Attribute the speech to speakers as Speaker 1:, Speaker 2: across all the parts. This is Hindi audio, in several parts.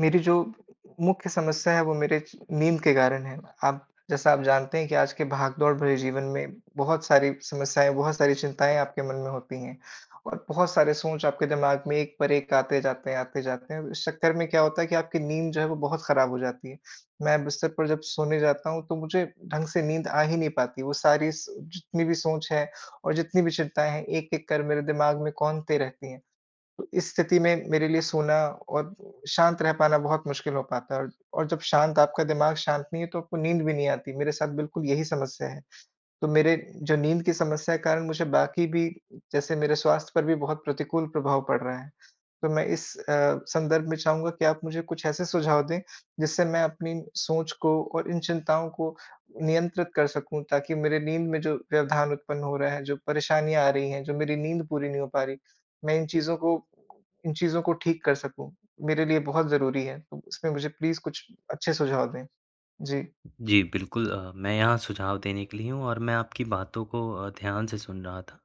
Speaker 1: मेरी जो मुख्य समस्या हैं वो मेरे च नींद के कारण हैं। आप जैसा आप जानते हैं कि आज के भागदौड़ भरे जीवन में बहुत सारी समस्याएँ बहुत सारी चिंताएँ आपके मन में होती हैं, और बहुत सारे सोच आपके दिमाग में एक पर एक आते जाते हैं, आते जाते हैं। इस चक्कर में क्या होता है कि आपकी नींद जो है वो बहुत खराब हो जाती है। मैं बिस्तर पर जब सोने जाता हूँ तो मुझे ढंग से नींद आ ही नहीं पाती। वो सारी स जितनी भी सोच है और जितनी भी चिंताएँ हैं एक-एक कर मेरे दिमाग में कौंधते रहती हैं। तो इस स्थिति में मेरे लिए सोना और शांत रह पाना बहुत मुश्किल हो पाता है और और जब शांत आपका दिमाग शांत नहीं है तो आपको नींद भी नहीं आती। मेरे साथ बिल्कुल यही समस्या है। तो मेरे जो नींद की समस्या के कारण मुझे बाकी भी जैसे मेरे स्वास्थ्य पर भी बहुत प्रतिकूल प्रभाव पड़ रहा है। तो मैं इस अ, संदर्भ में चाहूँगा कि आप मुझे कुछ ऐसे सुझाव दें, जिससे मैं अपनी सोच को और इन चिंताओं को नियंत्रित कर सकूँ ताकि मेरे नींद में जो व्यवधान उत्पन्न हो रहा है, जो परेशानियाँ आ रही हैं, जो मेरी नींद पूरी नहीं हो पा रही, मैं इन चीज़ों को इन चीज़ों को ठीक कर सकूँ। मेरे लिए बहुत ज़रूरी है। तो उसमें मुझे प्लीज़ कुछ अच्छे सुझाव दें। जी।
Speaker 2: जी, बिल्कुल अ, मैं यहाँ सुझाव देने के लिए हूँ और मैं आपकी बातों को अ, ध्यान से सुन रहा था,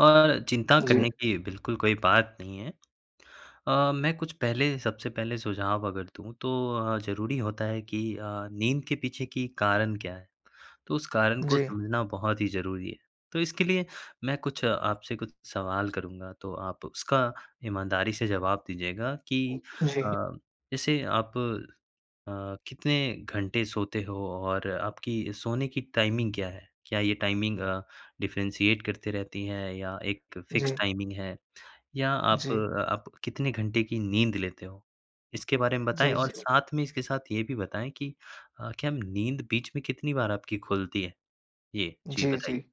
Speaker 2: और चिंता
Speaker 1: जी।
Speaker 2: करने की बिल्कुल कोई बात नहीं है। अ, मैं कुछ पहले सबसे पहले सुझाव अगर दूँ तो अ, ज़रूरी होता है कि अ, नींद के पीछे की कारण क्या है। तो उस कारण को
Speaker 1: जी।
Speaker 2: समझना बहुत ही ज़रूरी है। तो इसके लिए मैं कुछ आपसे कुछ सवाल करूँगा तो आप उसका ईमानदारी से जवाब दीजिएगा कि अ,
Speaker 1: जी।
Speaker 2: जैसे आप अ, कितने घंटे सोते हो और आपकी सोने की टाइमिंग क्या है? क्या ये टाइमिंग अ, डिफ़रेंशिएट करते रहती है या एक फ़िक्स
Speaker 1: जी।
Speaker 2: टाइमिंग है? या आप
Speaker 1: जी।
Speaker 2: आप कितने घंटे की नींद लेते हो? इसके बारे में बताएँ
Speaker 1: जी,
Speaker 2: और
Speaker 1: जी।
Speaker 2: साथ में इसके साथ ये भी बताएँ कि अ, क्या नींद बीच में कितनी बार आपकी खुलती है? ये जी
Speaker 1: जी,
Speaker 2: बताइए।
Speaker 1: जी।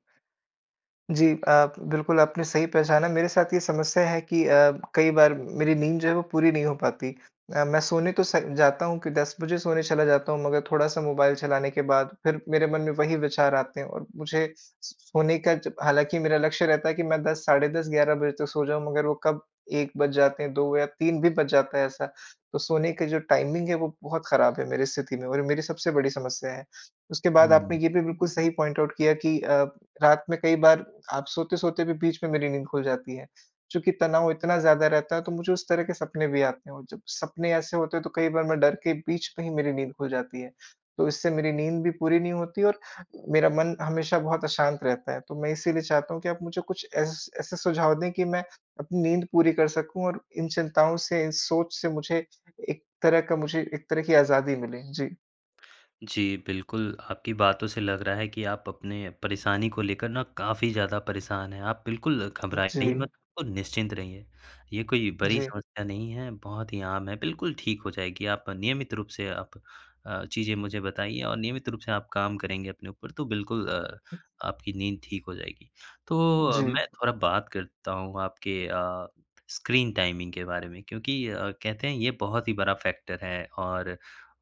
Speaker 1: जी। आप बिल्कुल आपने सही पहचाना। मेरे साथ ये समस्या है कि अ, कई बार मेरी नींद जो है वो पूरी नहीं हो पाती। अ, मैं सोने तो स जाता हूँ कि 10 बजे सोने चला जाता हूँ मगर थोड़ा-सा मोबाइल चलाने के बाद फिर मेरे मन में वही विचार आते हैं और मुझे स स सोने का जब हालाँकि मेरा लक्ष्य रहता है कि मैं 10 साढ़े 10-11 बजे तक सो जाऊँ मगर वो कब 1 बज जाते हैं, 2 या 3 भी बज जाता है ऐसा, तो सोने का जो टाइमिंग है, वो बहुत खराब है मेरी स्थिति में और ये मेरी सबसे बड़ी समस्या है। उसके बाद आपने
Speaker 2: हुँ।
Speaker 1: ये भी बिल्कुल सही पॉइंट आउट किया कि अ, रात में कई बार आप सोते-सोते भी बीच में मेरी नींद खुल जाती है। चूँकि तनाव इतना ज़्यादा रहता है तो मुझे उस तरह के सपने भी आते हैं और जब सपने ऐसे होते हैं तो कई बार मैं डर के बीच में ही मेरी नींद खुल जाती है। तो इससे मेरी नींद भी पूरी नहीं होती है और मेरा मन हमेशा बहुत अशांत रहता है। तो मैं इसीलिए चाहता हूँ कि आप मुझे कुछ एस ऐसे सुझाव दें कि मैं अपनी नींद पूरी कर सकूँ और इन चिंताओं से इन सोच से मुझे एक तरह का मुझे एक तरह की आज़ादी मिले। जी।
Speaker 2: जी, बिल्कुल। आपकी बातों से लग रहा है कि आप अपने परेशानी को लेकर ना काफ़ी ज़्यादा परेशान हैं। आप बिल्कुल
Speaker 1: उ जी।
Speaker 2: घबराइए मत और निश्चिंत रहिए, ये कोई बड़ी
Speaker 1: जी।
Speaker 2: समस्या नहीं है, बहुत ही आम है, बिल्कुल ठीक हो जाएगी। आप नियमित रूप से आप अ, चीज़ें मुझे बताइए और नियमित रूप से आप काम करेंगे अपने ऊपर, तो बिल्कुल अ,
Speaker 1: उ
Speaker 2: आपकी नींद ठीक हो जाएगी। तो अ,
Speaker 1: जी।
Speaker 2: मैं थोड़ा बात करता हूँ आपके अ, स्क्रीन टाइमिंग के बारे में क्योंकि अ, कहते हैं, ये बहुत ही बड़ा फैक्टर है और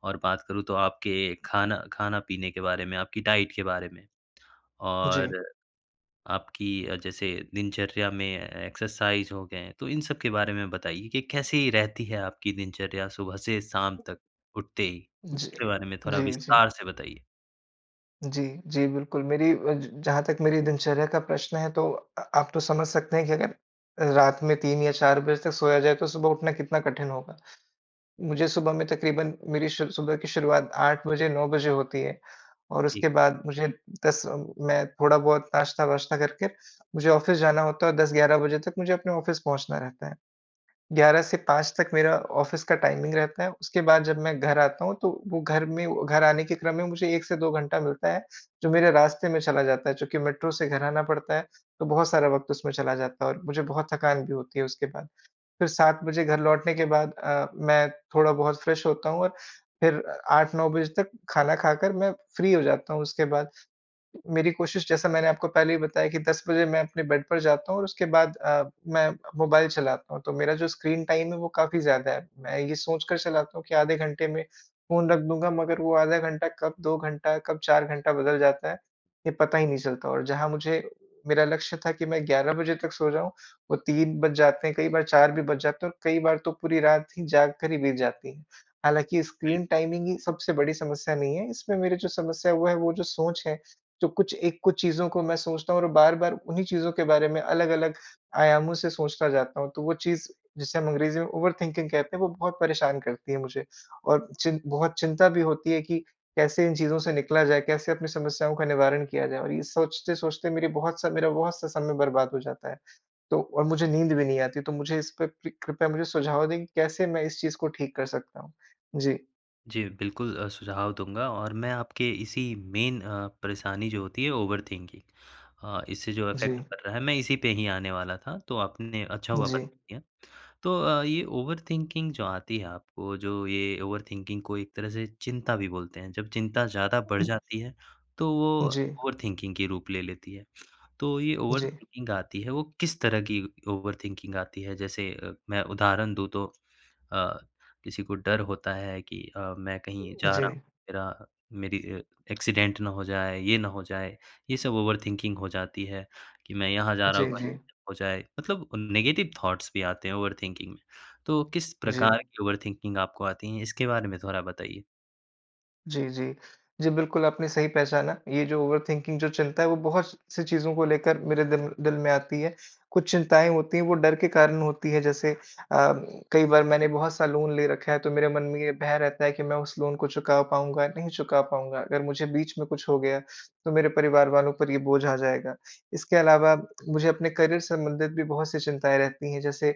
Speaker 2: और बात करूँ तो आपके खाना खाना पीने के बारे में, आपकी डाइट के बारे में।
Speaker 1: जी।
Speaker 2: और आपकी अ, जैसे दिनचर्या में एक्सरसाइज़ हो गए, तो इन सब के बारे में बताइए कि कैसी रहती है, आपकी दिनचर्या सुबह से शाम
Speaker 1: उ ज
Speaker 2: तक उठते ही,
Speaker 1: जी,
Speaker 2: इसके बारे में थोड़ा
Speaker 1: जी, जी।
Speaker 2: विस्तार से बताइए?
Speaker 1: जी, जी, बिल्कुल। मेरी अज जहाँ तक मेरी दिनचर्या का प्रश्न है, तो अ, आप तो समझ सकते हैं कि अगर, रात में 3 या 4 बजे तक सोया जाए, तो सुबह उठना कितना कठिन होगा। मुझे सुबह में तकरीबन मेरी शु सुबह की शुरुआत 8 बजे, 9 बजे होती है। और
Speaker 2: ठीक।
Speaker 1: उसके बाद मुझे 10 अ, मैं थोड़ा बहुत नाश्ता-वाश्ता करके मुझे ऑफिस जाना होता और 10, 11 बजे तक मुझे अपने ऑफिस पहुँचना रहता है। 11 से 5 तक मेरा ऑफिस का टाइमिंग रहता है। उसके बाद जब मैं घर आता हूँ, तो वो घर में घर आने के क्रम में मुझे 1 से 2 घंटा मिलता है। जो मेरे रास्ते में चला जाता है चूँकि मेट्रो से घर आना पड़ता है, तो बहुत सारा वक़्त उसमें चला जाता है और मुझे बहुत थकान भी होती है उसके बाद। फिर 7 बजे घर लौटने के बाद अ, मैं थोड़ा बहुत फ्रेश होता हूँ और फिर 8, 9 बजे तक खाना खाकर मैं फ्री हो जाता हूँ, उसके बाद। मेरी कोशिश जैसा मैंने आपको पहले ही बताया कि, 10 बजे मैं अपने बेड पर जाता हूँ और उसके बाद अ, मैं मोबाइल चलाता हूँ। तो मेरा जो स्क्रीन टाइम है, वो काफ़ी ज़्यादा है। मैं ये सोचकर चलाता हूँ, कि आधे घंटे में फ़ोन रख दूँगा मगर वो आधा घंटा कब 2 घंटा, कब 4 घंटा बदल जाता है, ये पता ही नहीं चलता। और जहाँ मुझे मेरा लक्ष्य था कि मैं ग्यारह बजे तक सो जाऊँ, वो 3 बज जाते हैं। कई बार 4 भी बज जाते हैं और कई बार तो पूरी रात ही जाग कर ही बीत जाती है। हालाँकि
Speaker 2: बिल
Speaker 1: स्क्रीन टाइमिंग ही सबसे बड़ी समस्या नहीं है। इसमें मेरे जो समस्या है, वो है, वो जो सोच है, जो कुछ एक कुछ चीज़ों को मैं सोचता हूँ और बार-बार उन्हीं चीज़ों के बारे में अलग-अलग आयामों से सोचता जाता हूँ, तो वो चीज़ जिसे हम अंग्रेजी में ओवरथिंकिंग कहते है, वो बहुत परेशान करती है मुझे और चिन बहुत चिंता भी होती है कि, कैसे इन चीज़ों से निकला जाए। कैसे अपनी समस्याओं का निवारण किया जाए? और ये सोचते-सोचते मेरी बहुत सा मेरा बहुत सा समय बर्बाद हो जाता है। तो और मुझे नींद भी नहीं आती, तो मुझे इस पे पृ कृपया मुझे सुझाव दें, कि कैसे मैं इस चीज़ को ठीक कर सकता हूँ? जी।
Speaker 2: जी, बिल्कुल अ, सुझाव दूँगा और मैं आपके इसी मेन अ, परेशानी जो होती है, ओवर थिंकिंग अ, इससे जो
Speaker 1: जी।
Speaker 2: इफ़ेक्ट पड़ रहा है, मैं इसी पे ही आने वाला था। तो आपने, अच्छा हुआ, बता
Speaker 1: जी।
Speaker 2: दिया। तो अ, ये ओवर थिंकिंग जो आती है आपको, जो ये ओवर थिंकिंग को एक तरह से चिंता भी बोलते हैं। जब चिंता ज़्यादा बढ़ जाती है, तो वो
Speaker 1: जी।
Speaker 2: ओवर थिंकिंग के रूप ले लेती है। तो ये ओवर
Speaker 1: जी।
Speaker 2: थिंकिंग आती है, वो किस तरह की ओवर थिंकिंग आती है? जैसे अ, मैं उदाहरण दूँ, तो अ, किसी को डर होता है कि अ, "मैं कहीं जा
Speaker 1: जी।
Speaker 2: रहा हूँ, मेरा मेरी अ, एक्सीडेंट ना हो जाए, ये ना हो जाए।" ये सब ओवर थिंकिंग हो जाती है कि मैं यहाँ जा रहा
Speaker 1: जी,
Speaker 2: हूँ, कहीं
Speaker 1: जी।
Speaker 2: हो जाए, मतलब नेगेटिव थाउट्स भी आते हैं ओवर थिंकिंग में। तो किस
Speaker 1: जी।
Speaker 2: प्रकार की ओवर थिंकिंग आपको आती है? इसके बारे में थोड़ा बताइए।
Speaker 1: जी, जी। जी, बिल्कुल, आपने सही पहचाना। ये जो ओवर थिंकिंग जो चलता है, वो बहुत-सी चीज़ों को लेकर मेरे दिल दिल में आती है। कुछ चिंताएँ होती हैं, वो डर के कारण होती हैं, जैसे अ, कई बार मैंने बहुत-सा लोन ले रखा है, तो मेरे मन में ये भय रहता है कि मैं उस लोन को चुका पाउँगा या नहीं चुका पाउँगा? अगर मुझे बीच में कुछ हो गया, तो मेरे परिवार वालों पर ये बोझ आ जाएगा। इसके अलावा, मुझे अपने करियर संबंधित भी बहुत-सी चिंताएँ रहती हैं, जैसे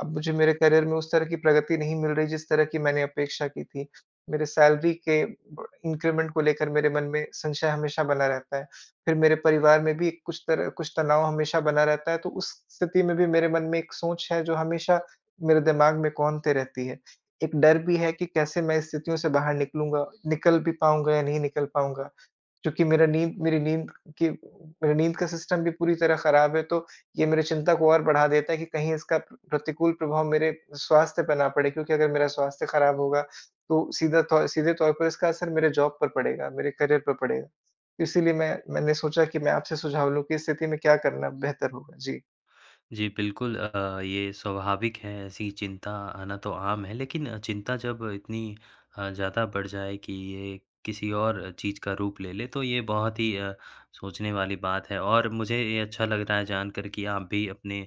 Speaker 1: अब मुझे मेरे करियर में उस तरह की प्रगति नहीं मिल रही, जिस तरह की मैंने अपेक्षा की थी। मेरे सैलरी के ब इन्क्रिमेन्ट को लेकर मेरे मन में संशय हमेशा बना रहता है। फिर मेरे परिवार में भी कुछ तरह कुछ तनाव हमेशा बना रहता है, तो उस स्थिति में भी मेरे मन में एक सोच है, जो हमेशा मेरे दिमाग में कौंधते रहती है। एक डर भी है कि कैसे मैं स्थितियों से बाहर निकलूँगा, निकल भी पाउँगा या नहीं निकल पाउँगा? क्योंकि मेरा नींद मेरी नींद की मेरा नींद का सिस्टम भी पूरी तरह खराब है, तो ये मेरी चिंता को और बढ़ा देता है कि कहीं इसका प्रतिकूल प्रभाव मेरे स्वास्थ्य पे ना पड़े क्योंकि अगर मेरा स्वास्थ्य खराब होगा, तो सीधा तौ सीधे तौर पर इसका असर मेरे जॉब पर पड़ेगा, मेरे करियर पर पड़ेगा। इसीलिए मैं मैंने सोचा कि मैं आपसे सुझाव लूँ कि इस स्थिति में क्या करना बेहतर होगा? जी।
Speaker 2: जी बिल्कुल अ, ये स्वाभाविक है, ऐसी चिंता आना तो आम है, लेकिन चिंता जब इतनी अ, ज़्यादा बढ़ जाए कि ये किसी और चीज़ का रूप ले ले, तो ये बहुत ही अ, सोचने वाली बात है और मुझे ये अच्छा लग रहा है जानकर कि आप भी अपने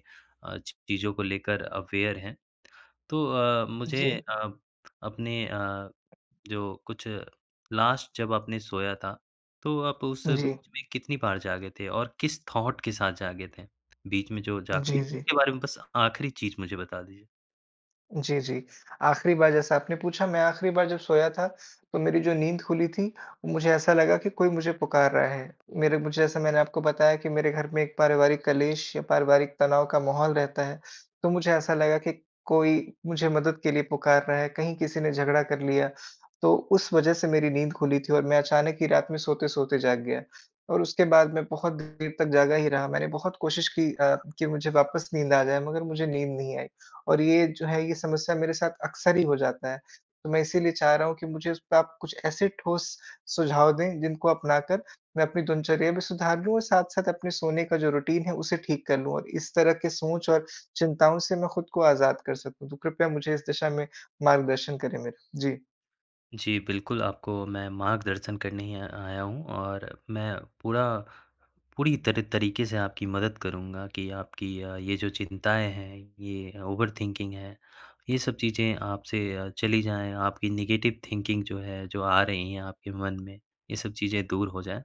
Speaker 2: अ, चीज़ों को लेकर अवेयर हैं। तो अ, मुझे
Speaker 1: जी।
Speaker 2: अ, अपने अ, जो कुछ लास्ट जब आपने सोया था, तो आप उस
Speaker 1: जी।
Speaker 2: बीच में कितनी बार जागे थे और किस थॉट के साथ जागे थे। बीच में जो जागते
Speaker 1: जी,
Speaker 2: हैं।
Speaker 1: जी।
Speaker 2: इसके बारे में बस आख़िरी चीज़ मुझे बता दीजिए।
Speaker 1: जी, जी। आख़िरी बार जैसा आपने पूछा, मैं आख़िरी बार जब सोया था, तो मेरी जो नींद खुली थी, मुझे ऐसा लगा कि कोई मुझे पुकार रहा है। मेरे मुझे जैसे मैंने आपको बताया कि मेरे घर में एक पारिवारिक कलेश या पारिवारिक तनाव का माहौल रहता है, तो मुझे ऐसा लगा कि कोई मुझे मदद के लिए पुकार रहा है, कहीं किसी ने झगड़ा कर लिया। तो उस वजह से मेरी नींद खुली थी और मैं अचानक ही रात में सोते-सोते जाग गया। और उसके बाद मैं बहुत देर तक जागा ही रहा। मैंने बहुत कोशिश की अ, कि मुझे वापस नींद आ जाए, मगर मुझे नींद नहीं आई। और ये जो है, ये समस्या मेरे साथ अक्सर ही हो जाता है। तो मैं इसलिए चाह रहा हूँ कि मुझे उस आप कुछ ऐसे ठोस सुझाव दें, जिनको अपना कर, मैं अपनी दिनचर्या भी सुधार लूँ और साथ-साथ अपने सोने का जो रूटीन है उसे ठीक कर लूँ और इस तरह की सोच और चिंताओं से मैं खुद को आज़ाद कर सकूँ। तो कृपया मुझे इस दिशा में मार्गदर्शन करें मेरा। जी।
Speaker 2: जी, बिल्कुल आपको मैं मार्गदर्शन करने ही य आया हूँ। और मैं पूरा पूरी तरह तरीके से आपकी मदद करूँगा कि आपकी अ, ये जो चिंताएँ हैं, ये ओवरथिंकिंग है ये सब चीज़ें आप से अ, चली जाएँ। आपकी नेगेटिव थिंकिंग जो है, जो आ रही हैं आपके मन में ये सब चीज़ें दूर हो जाएँ।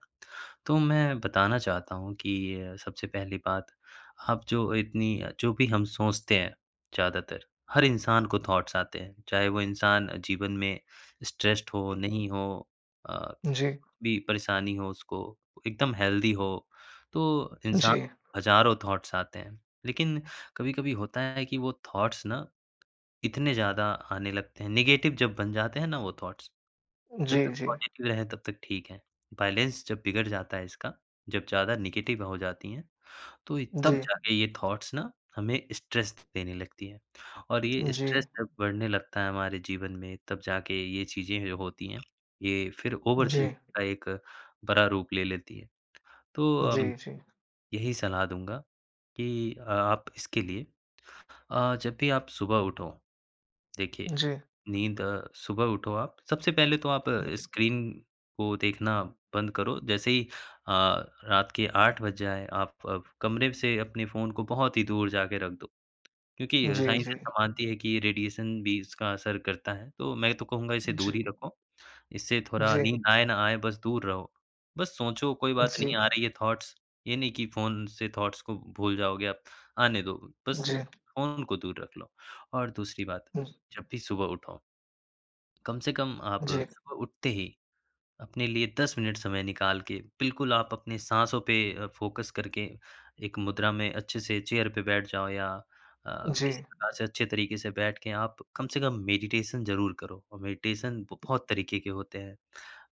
Speaker 2: तो मैं बताना चाहता हूँ कि सबसे पहली बात आप जो इतनी अ, जो भी हम सोचते हैं ज़्यादातर हर इंसान को थॉट्स आते हैं। चाहे वो इंसान जीवन में स्ट्रेस्ड हो, नहीं हो अ,
Speaker 1: जी।
Speaker 2: भी परेशानी हो उसको एकदम हेल्दी हो तो इंसान
Speaker 1: जी।
Speaker 2: हज़ारों थॉट्स आते हैं। लेकिन कभी-कभी होता है कि वो थॉट्स ना इतने ज़्यादा आने लगते हैं। नेगेटिव जब बन जाते हैं ना वो थॉट्स जब
Speaker 1: जी,
Speaker 2: तक
Speaker 1: जी।
Speaker 2: पॉजिटिव रहें तब तक ठीक हैं बैलेंस जब बिगड़ जाता है इसका जब ज़्यादा नेगेटिव हो जाती हैं। तो ये तब
Speaker 1: जी।
Speaker 2: जाके ये थॉट्स ना हमें स्ट्रेस देने लगती है। और ये
Speaker 1: जी।
Speaker 2: स्ट्रेस जब बढ़ने लगता है हमारे जीवन में तब जाके ये चीज़ें जो होती हैं ये फिर ओवरथिंकिंग
Speaker 1: जी।
Speaker 2: का एक बड़ा रूप ले लेती हैं। तो अम,
Speaker 1: जी, जी।
Speaker 2: यही सलाह दूँगा कि अ, आप इसके लिए अ, जब भी आप सुबह उठो देखिए,
Speaker 1: जी।
Speaker 2: नींद अ, सुबह उठो आप, सबसे पहले तो आप स्क्रीन को देखना बंद करो। जैसे ही अ, रात के 8 बज जाए, आप अब कमरे से अपने फ़ोन को बहुत ही दूर जाके रख दो। क्योंकि अ,
Speaker 1: जी,
Speaker 2: साइंस ऐसा
Speaker 1: जी।
Speaker 2: मानती है कि ये रेडिएशन भी इसका असर करता है। तो मैं तो कहूँगा इसे दूर
Speaker 1: जी।
Speaker 2: ही रखो। इससे थोड़ा
Speaker 1: जी।
Speaker 2: नींद आए ना आए, बस दूर रहो। बस सोचो कोई बात
Speaker 1: जी।
Speaker 2: नहीं आ रही है थॉट्स ये नहीं की फ़ोन से थॉट्स को भूल जाओगे आप, आने दो। बस
Speaker 1: जी।
Speaker 2: फ़ोन-ओन को दूर रख लो। और दूसरी बात,
Speaker 1: हुँ।
Speaker 2: जब भी सुबह उठो कम से कम आप
Speaker 1: जी।
Speaker 2: सुबह उठते ही अपने लिए 10 मिनट समय निकाल के बिल्कुल आप अपनी साँसों पे फोकस करके एक मुद्रा में अच्छे से चेयर पे बैठ जाओ या अ,
Speaker 1: जी।
Speaker 2: किसी प्रकार से अच्छे तरीके से बैठ के आप कम से कम मेडिटेशन ज़रूर करो। और मेडिटेशन ब बहुत तरीके के होते हैं।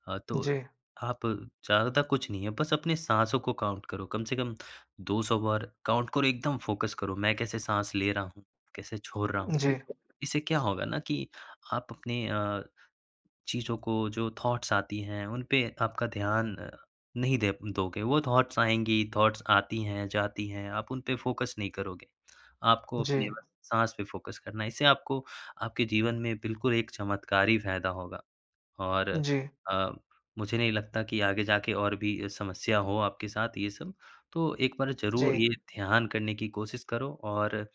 Speaker 2: अ, तो
Speaker 1: जी।
Speaker 2: आप ज़्यादातर कुछ नहीं है बस अपने साँसों को काउंट करो। कम से कम 200 बार काउंट करो। एकदम फोकस करो मैं कैसे साँस ले रहा हूँ, कैसे छोड़ रहा हूँ।
Speaker 1: जी।
Speaker 2: इससे क्या होगा ना कि आप अपने अ, चीज़ों को जो थॉट्स आती हैं, उन पे आपका ध्यान नहीं दे दोगे, वो थॉट्स आएँगी, थॉट्स आती हैं जाती हैं, आप उन पे फोकस नहीं करोगे। आपको अपने
Speaker 1: जी।
Speaker 2: बस साँस पे फोकस करना है। इससे आपको आपके जीवन में बिल्कुल एक चमत्कारी फायदा होगा। और
Speaker 1: जी।
Speaker 2: अ, मुझे नहीं लगता कि आगे जाके और भी अ, समस्या हो आपके साथ ये सब, तो एक बार ज़रूर
Speaker 1: जी।
Speaker 2: ये ध्यान करने की कोशिश करो। और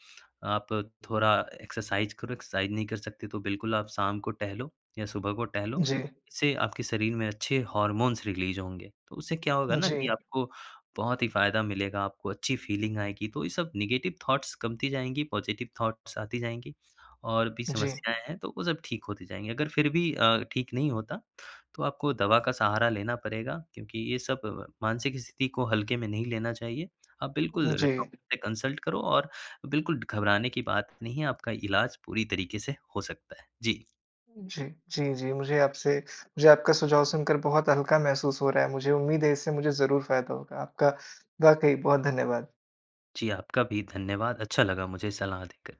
Speaker 2: आप थोड़ा एक्सरसाइज करो, एक्सरसाइज नहीं कर सकते, तो बिल्कुल आप शाम को टहलो या सुबह को टहलो।
Speaker 1: जी।
Speaker 2: इससे आपके शरीर में अच्छे हार्मोन्स रिलीज़ होंगे। तो उससे क्या होगा ना कि
Speaker 1: जी।
Speaker 2: आपको बहुत ही फ़ायदा मिलेगा, आपको अच्छी फीलिंग आएगी। तो ये सब नेगेटिव थॉट्स कमती जाएँगी, पॉज़िटिव थाट्स आती जाएँगी। और भी
Speaker 1: जी।
Speaker 2: समस्याएँ हैं, तो वो सब ठीक होती जाएँगी। अगर फिर भी अ, ठीक नहीं होता, तो आपको दवा का सहारा लेना पड़ेगा, क्योंकि ये सब मानसिक स्थिति को हल्के में नहीं लेना चाहिए। आप बिल्कुल
Speaker 1: जी।
Speaker 2: डॉक्टर से कंसल्ट करो और बिल्कुल घबराने की बात नहीं है। आपका इलाज पूरी तरीके से हो सकता है। जी।
Speaker 1: जी, जी, जी, मुझे आपसे मुझे आपका सुझाव सुनकर बहुत हल्का महसूस हो रहा है। मुझे उम्मीद है इससे मुझे ज़रूर फ़ायदा होगा। आपका वाक़ई बहुत धन्यवाद।
Speaker 2: जी, आपका भी धन्यवाद। अच्छा लगा मुझे सलाह देकर।